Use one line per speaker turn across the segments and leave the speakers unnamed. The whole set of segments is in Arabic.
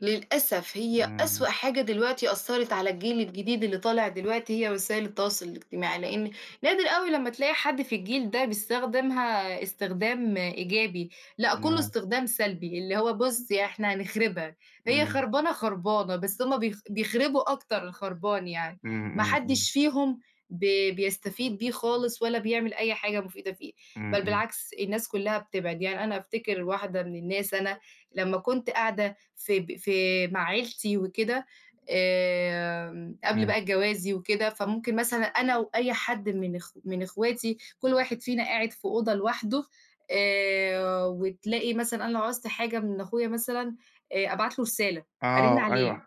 للأسف هي
إمم.
أسوأ حاجة دلوقتي أثرت على الجيل الجديد اللي طالع دلوقتي هي وسائل التواصل الاجتماعي، لأن نادر أوي لمّا تلاقي حد في الجيل ده بيستخدمها استخدام إيجابي. لأ، كلّه
إمم.
استخدام سلبي، اللي هو بُص، إحنا هنخربها، هي
إمم.
خربانة، خربانة، بس هُم بيخ بيخربوا أكتر الخربان يعني.
إمم،
ما
إمم، إمم.
حدش فيهم ب بيستفيد بيه خالص ولا بيعمل أي حاجة مفيدة فيه،
إمم،
بل
إمم.
بالعكس الناس كلّها بتبعد. يعني أنا أفتكر واحدة من الناس، أنا لمّا كنت قاعدة في ب في مع عيلتي وكده، آمم، قبل
إمم.
بقى جوازي وكده، فممكن مثلًا أنا وأي حد من أخو من أخواتي كل واحد فينا قاعد في أوضة لوحده، آآ، وتلاقي مثلًا أنا لو عُزت حاجة من أخويا مثلًا، آآ، أبعت له رسالة، أرن
آه،
عليه،
أيوه.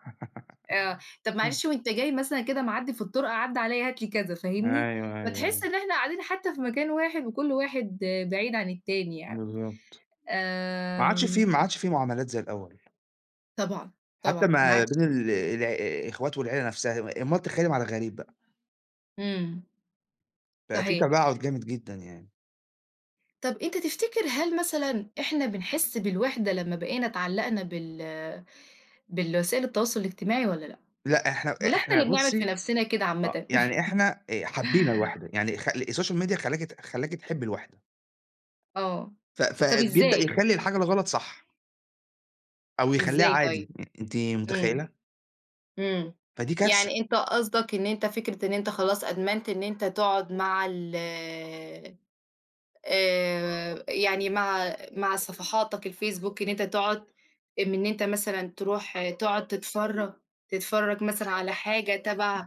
آه، "طب معلش وأنت جاي مثلًا كده معدّي في الطرقة عدّي عليّا هات لي كذا."
أيوه،
فاهمني؟
أيوه،
فتحس
أيوه.
إن إحنا قاعدين حتى في مكان واحد وكل واحد بعيد عن التاني يعني.
بالضبط، ما عادش
آآ
فيه، ما عادش فيه معاملات زي الأول.
طبعًا،
حتى
طبعًا، ما
ما
عادش
بين ال ال الع الاخوات والعيلة نفسها، أومال تخيّلى مع الغريب بقى.
إمم.
بقى في
صحيح.
تباعد جامد جدًا، يعني.
طب أنت تفتكر هل مثلًا إحنا بنحس بالوحدة لمّا بقينا اتعلقنا بال بالوسائل التواصل الاجتماعي والَّا لأ؟
لأ، إحنا،
والَّا إحنا
إحنا
اللي بنعمل في
بُصي،
نفسنا كده
آآ،
عامةً؟
يعني إحنا آآ حبينا الوحدة، يعني خ الSocial Media خلاكِ خلاكِ تحبّي الوحدة.
آه،
ف
طب
فبيبدأ
إزاي؟
يخلّي الحاجة الغلط صح. أو يخلّيها
إزاي
عادي،
طيب؟
آآ أنتِ
إمم،
متخيلة؟
إمم،
فدي كارثة.
يعني أنت قصدك إن أنت فكرة إن أنت خلاص أدمنت إن أنت تقعد مع ال آآ يعني مع مع صفحاتك الفيس بوك إن أنت تقعد من إن أنت مثلًا تروح آآ تقعد تتفرج تتفرج مثلًا على حاجة تبع